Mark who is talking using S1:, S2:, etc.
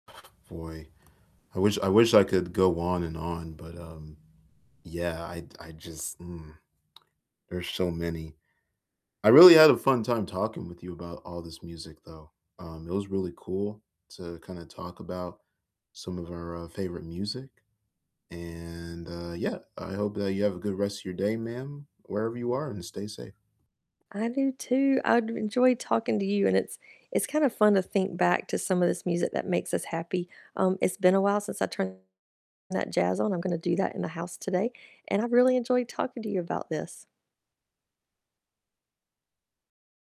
S1: Boy, I wish I wish I could go on and on, but, um, yeah, I I just mm. There's so many. I really had a fun time talking with you about all this music though. Um, it was really cool to kinda talk about some of our, uh, favorite music, and, uh, yeah, I hope that you have a good rest of your day, ma'am, wherever you are, and stay safe.
S2: I do too. I d enjoyed talking to you, and it's it's kind of fun to think back to some of this music that makes us happy. Um, it's been a while since I turned that jazz on. I'm gonna do that in the house today, and I really enjoyed talking to you about this.